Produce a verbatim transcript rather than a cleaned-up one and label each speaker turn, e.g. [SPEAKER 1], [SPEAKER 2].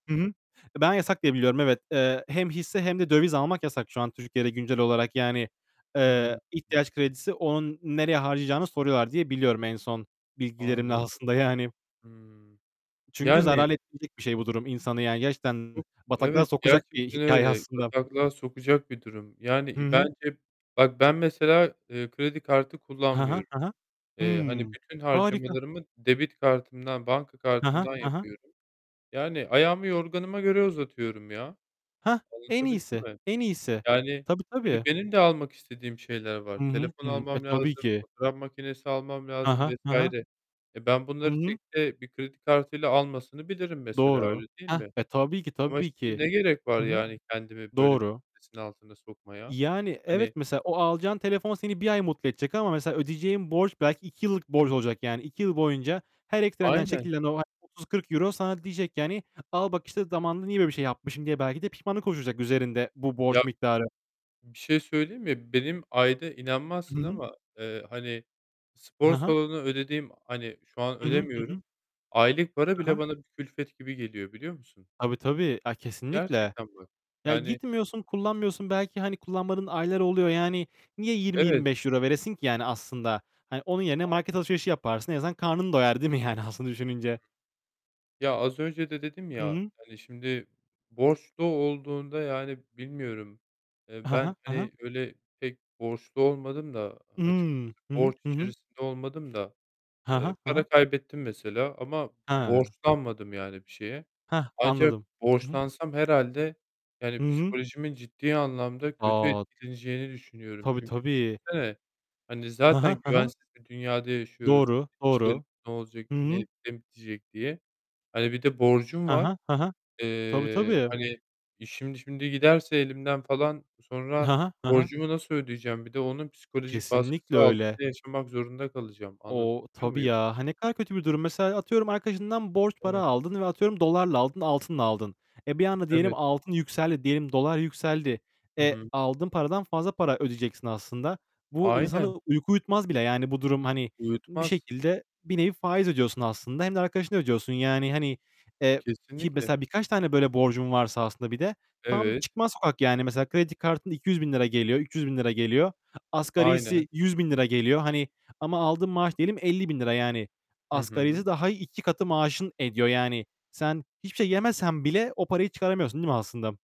[SPEAKER 1] Hı hı. Ben yasak diye biliyorum, evet. Eee, hem hisse hem de döviz almak yasak şu an Türkiye'de güncel olarak. Yani, eee,
[SPEAKER 2] Hıı.
[SPEAKER 1] ihtiyaç kredisi, onun nereye harcayacağını soruyorlar diye biliyorum en son bilgilerimle
[SPEAKER 2] Anladım.
[SPEAKER 1] aslında yani.
[SPEAKER 2] Hımm.
[SPEAKER 1] I çünkü
[SPEAKER 2] Yani
[SPEAKER 1] zarar ettirecek bir şey bu durum insanı yani. Gerçekten
[SPEAKER 2] Çok,
[SPEAKER 1] bataklığa
[SPEAKER 2] evet
[SPEAKER 1] sokacak bir
[SPEAKER 2] gerçekten
[SPEAKER 1] hikâye
[SPEAKER 2] öyle,
[SPEAKER 1] aslında.
[SPEAKER 2] bataklığa sokacak bir durum. Yani,
[SPEAKER 1] Hı
[SPEAKER 2] iii,
[SPEAKER 1] hı.
[SPEAKER 2] bence bak ben mesela, ııı, kredi kartı
[SPEAKER 1] Ha ha,
[SPEAKER 2] kullanmıyorum.
[SPEAKER 1] ha ha.
[SPEAKER 2] Eee, hani
[SPEAKER 1] Hımm,
[SPEAKER 2] bütün
[SPEAKER 1] harika.
[SPEAKER 2] harcamalarımı debit kartımdan, banka
[SPEAKER 1] Ha ha,
[SPEAKER 2] kartımdan
[SPEAKER 1] ha ha.
[SPEAKER 2] yapıyorum. Yani ayağımı yorganıma göre uzatıyorum ya,
[SPEAKER 1] Hah. En
[SPEAKER 2] anlatabildim
[SPEAKER 1] iyisi.
[SPEAKER 2] mi?
[SPEAKER 1] En iyisi.
[SPEAKER 2] Yani,
[SPEAKER 1] Tabii,
[SPEAKER 2] şimdi
[SPEAKER 1] tabii.
[SPEAKER 2] benim de almak istediğim şeyler var.
[SPEAKER 1] Hı hı,
[SPEAKER 2] Telefon
[SPEAKER 1] hı hı. E,
[SPEAKER 2] almam
[SPEAKER 1] tabii
[SPEAKER 2] lazım,
[SPEAKER 1] ki.
[SPEAKER 2] fotoğraf makinesi almam
[SPEAKER 1] Ha
[SPEAKER 2] lazım
[SPEAKER 1] ha,
[SPEAKER 2] vs.
[SPEAKER 1] ha ha.
[SPEAKER 2] E, ben
[SPEAKER 1] Hı
[SPEAKER 2] bunları
[SPEAKER 1] hı.
[SPEAKER 2] tekte bir kredi kartıyla almasını bilirim mesela,
[SPEAKER 1] Doğru.
[SPEAKER 2] öyle değil
[SPEAKER 1] Hah.
[SPEAKER 2] mi?
[SPEAKER 1] E, tabii ki,
[SPEAKER 2] Ama
[SPEAKER 1] tabii
[SPEAKER 2] işte
[SPEAKER 1] ki.
[SPEAKER 2] ne gerek
[SPEAKER 1] Hı
[SPEAKER 2] var
[SPEAKER 1] hı.
[SPEAKER 2] yani kendimi böyle bir
[SPEAKER 1] Doğru.
[SPEAKER 2] stresin altına sokmaya?
[SPEAKER 1] Yani, evet
[SPEAKER 2] Hani
[SPEAKER 1] mesela o alacağın telefon seni bir ay mutlu edecek. Ama mesela ödeyeceğin borç belki iki yıllık borcun olacak. Yani iki yıl boyunca her ekstrenden
[SPEAKER 2] Aynen.
[SPEAKER 1] çekilen o aylık otuz kırk euro sana diyecek ki hani, "Al bak işte zamanında niye böyle bir şey yapmışım?" diye belki de pişmanlık oluşturacak üzerinde bu
[SPEAKER 2] Ya,
[SPEAKER 1] borç miktarı.
[SPEAKER 2] bir şey söyleyeyim mi? Benim ayda
[SPEAKER 1] Hı
[SPEAKER 2] inanmazsın
[SPEAKER 1] hı.
[SPEAKER 2] ama, ııı, hani spor
[SPEAKER 1] Ha ha.
[SPEAKER 2] salonuna ödediğim, hani şu an
[SPEAKER 1] Hı hı. Hı hı.
[SPEAKER 2] ödemiyorum, aylık para
[SPEAKER 1] Ha
[SPEAKER 2] bile
[SPEAKER 1] ha.
[SPEAKER 2] bana bir külfet gibi geliyor biliyor musun?
[SPEAKER 1] Tabii, tabii. A, kesinlikle.
[SPEAKER 2] Gerçekten bak.
[SPEAKER 1] Ya,
[SPEAKER 2] Yani
[SPEAKER 1] gitmiyorsun, kullanmıyorsun. Belki hani kullanmadığın aylar oluyor, yani niye yirmi
[SPEAKER 2] Evet.
[SPEAKER 1] yirmi beş euro veresin ki yani aslında? Hani, onun yerine market
[SPEAKER 2] Aynen öyle.
[SPEAKER 1] alışverişi yaparsın. En azından karnın doyar, değil mi yani, aslında düşününce?
[SPEAKER 2] Ya, az önce de dedim
[SPEAKER 1] Hı
[SPEAKER 2] ya,
[SPEAKER 1] hı.
[SPEAKER 2] hani, şimdi borçlu olduğunda, yani, bilmiyorum, ııı,
[SPEAKER 1] Ha ha,
[SPEAKER 2] ben,
[SPEAKER 1] ha ha.
[SPEAKER 2] hani, öyle pek borçlu olmadım da açıkçası,
[SPEAKER 1] Imm. Hı hı,
[SPEAKER 2] borç
[SPEAKER 1] hı hı.
[SPEAKER 2] içerisinde olmadım da.
[SPEAKER 1] Ha ha,
[SPEAKER 2] Iıı,
[SPEAKER 1] ha
[SPEAKER 2] para
[SPEAKER 1] ha.
[SPEAKER 2] kaybettim mesela ama
[SPEAKER 1] Ha.
[SPEAKER 2] borçlanmadım yani bir şeye.
[SPEAKER 1] Hah,
[SPEAKER 2] Ancak
[SPEAKER 1] anladım. Hı hı.
[SPEAKER 2] borçlansam herhâlde,
[SPEAKER 1] Hı
[SPEAKER 2] yani,
[SPEAKER 1] hı.
[SPEAKER 2] psikolojimin ciddi anlamda kötü
[SPEAKER 1] A!
[SPEAKER 2] etkileneceğini düşünüyorum,
[SPEAKER 1] Tabii,
[SPEAKER 2] çünkü
[SPEAKER 1] tabii.
[SPEAKER 2] düşünsene, hani,
[SPEAKER 1] Ha ha,
[SPEAKER 2] zaten
[SPEAKER 1] ha ha.
[SPEAKER 2] güvensiz bir dünyada yaşıyoruz,
[SPEAKER 1] Doğru,
[SPEAKER 2] işte
[SPEAKER 1] doğru.
[SPEAKER 2] ne olacak,
[SPEAKER 1] Hı
[SPEAKER 2] ne
[SPEAKER 1] hı.
[SPEAKER 2] ne bitecek diye. Hani, bir de borcum
[SPEAKER 1] Ha
[SPEAKER 2] var.
[SPEAKER 1] ha, ha ha. Tabii,
[SPEAKER 2] Eee,
[SPEAKER 1] tabii.
[SPEAKER 2] hani, işim şimdi giderse elimden falan, sonra
[SPEAKER 1] Ha ha. Ha ha.
[SPEAKER 2] borcumu nasıl ödeyeceğim? Bir de onun psikolojik
[SPEAKER 1] Kesinlikle
[SPEAKER 2] baskısı
[SPEAKER 1] öyle.
[SPEAKER 2] altında yaşamak zorunda kalacağım,
[SPEAKER 1] O,
[SPEAKER 2] anlatabiliyor
[SPEAKER 1] tabii
[SPEAKER 2] muyum?
[SPEAKER 1] ya. Ha, ne kadar kötü bir durum. Mesela, atıyorum arkadaşından borç para
[SPEAKER 2] Evet.
[SPEAKER 1] aldın ve atıyorum dolarla aldın, altınla aldın. E, bir anda diyelim
[SPEAKER 2] Evet.
[SPEAKER 1] altın yükseldi, diyelim dolar yükseldi.
[SPEAKER 2] Hı
[SPEAKER 1] E,
[SPEAKER 2] hı.
[SPEAKER 1] aldığın paradan fazla para ödeyeceksin aslında. Bu insanı
[SPEAKER 2] Aynen.
[SPEAKER 1] uyku uyutmaz bile. Yani, bu durum hani bir
[SPEAKER 2] Uyutmaz.
[SPEAKER 1] şekilde, bir nevi faiz ödüyorsun aslında. Hem de arkadaşına ödüyorsun. Yani hani, e ki
[SPEAKER 2] Kesinlikle.
[SPEAKER 1] mesela birkaç tane böyle borcun varsa aslında bir de tam
[SPEAKER 2] Evet.
[SPEAKER 1] çıkmaz sokak yani. Mesela kredi kartında iki yüz bin lira geliyor, üç yüz bin lira geliyor. Asgarisi,
[SPEAKER 2] Aynen.
[SPEAKER 1] yüz bin lira geliyor. Hani ama aldığın maaş diyelim elli bin lira yani.
[SPEAKER 2] Hı hı.
[SPEAKER 1] Asgarisi daha iki katı maaşın ediyor yani. Sen hiçbir şey yemesen bile o parayı çıkaramıyorsun değil mi aslında?